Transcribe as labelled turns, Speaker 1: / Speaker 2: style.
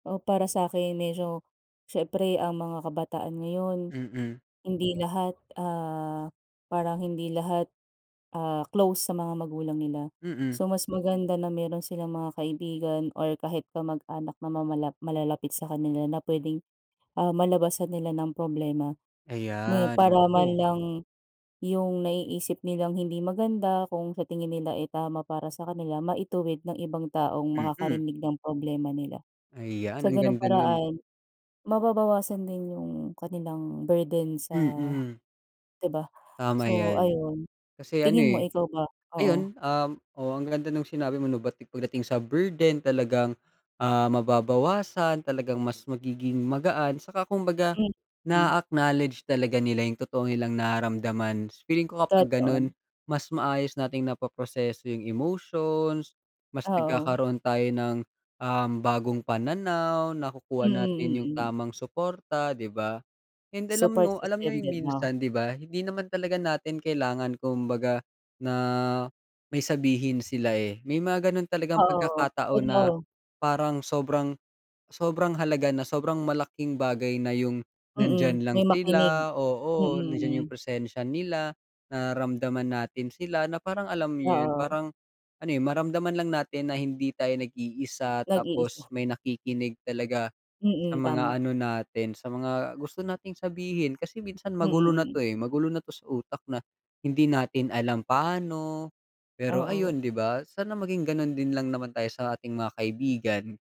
Speaker 1: Oh, para sa'kin medyo, siyempre ang mga kabataan ngayon
Speaker 2: Mm.
Speaker 1: hindi lahat, ah, parang hindi lahat, ah, close sa mga magulang nila.
Speaker 2: Mm.
Speaker 1: So mas maganda na mayro'n silang mga kaibigan or kahit kamag-anak na mamalap malalapit sa kanila na puwedeng, ah, malabasan nila ng problema. May
Speaker 2: Ayan,
Speaker 1: para man
Speaker 2: naku.
Speaker 1: lang, yung naiisip nilang hindi maganda kung sa tingin nila, eh, tama para sa kanila maituwid ng ibang taong
Speaker 2: Mm.
Speaker 1: makakarinig ng problema nila.
Speaker 2: Ayan,
Speaker 1: Sa
Speaker 2: ang
Speaker 1: ganung
Speaker 2: ganda no'n.
Speaker 1: paraan, mababawasan din yung kanilang burden sa
Speaker 2: Mm.
Speaker 1: 'di ba.
Speaker 2: Tama
Speaker 1: So
Speaker 2: 'yan.
Speaker 1: ayun,
Speaker 2: Kasi ano,
Speaker 1: tingin mo
Speaker 2: eh.
Speaker 1: ikaw ba? Oo.
Speaker 2: Ayun, um, oo ang ganda nung sinabi mo 'no pagdating sa burden talagang, ah, mababawasan talagang mas magiging magaan 'tsaka kumbaga,
Speaker 1: Mm.
Speaker 2: naa-acknowledge talaga nila yung totoong nilang nararamdaman, feeling ko kapag gano'n,
Speaker 1: Totoo.
Speaker 2: mas maayos nating napoproseso yung emotions, mas
Speaker 1: Oo.
Speaker 2: nagkakaroon tayo ng, um, bagong pananaw
Speaker 1: Mm,
Speaker 2: nakukuha natin yung
Speaker 1: mm.
Speaker 2: tamang suporta 'di ba? And alam
Speaker 1: Support
Speaker 2: mo, alam niyo
Speaker 1: system
Speaker 2: yung
Speaker 1: din 'no?
Speaker 2: minsan 'di ba hindi naman talaga natin kailangan kumbaga, na may sabihin sila, eh, may mga gano'n talagang
Speaker 1: Oo,
Speaker 2: pagkakataon na,
Speaker 1: [unintelligible]
Speaker 2: parang sobrang, sobrang halaga na sobrang malaking bagay na yung,
Speaker 1: Mm,
Speaker 2: nandiyan lang
Speaker 1: may makinig.
Speaker 2: sila
Speaker 1: Mm,
Speaker 2: oo nandiyan yung
Speaker 1: mm.
Speaker 2: presensya nila, nararamdaman natin sila na parang alam niyo 'yun
Speaker 1: Oo.
Speaker 2: parang, ano yung maramdaman lang natin na hindi tayo nag-iisa
Speaker 1: Nag-iisa.
Speaker 2: tapos may nakikinig talaga, sa
Speaker 1: Mm, tama.
Speaker 2: mga ano natin sa mga gusto nating sabihin kasi minsan
Speaker 1: Mm,
Speaker 2: magulo na 'to,
Speaker 1: mm.
Speaker 2: eh, magulo na 'to sa utak na, hindi natin alam paano, pero
Speaker 1: Oo.
Speaker 2: ayun 'di ba sana maging gano'n din lang naman tayo sa ating mga kaibigan.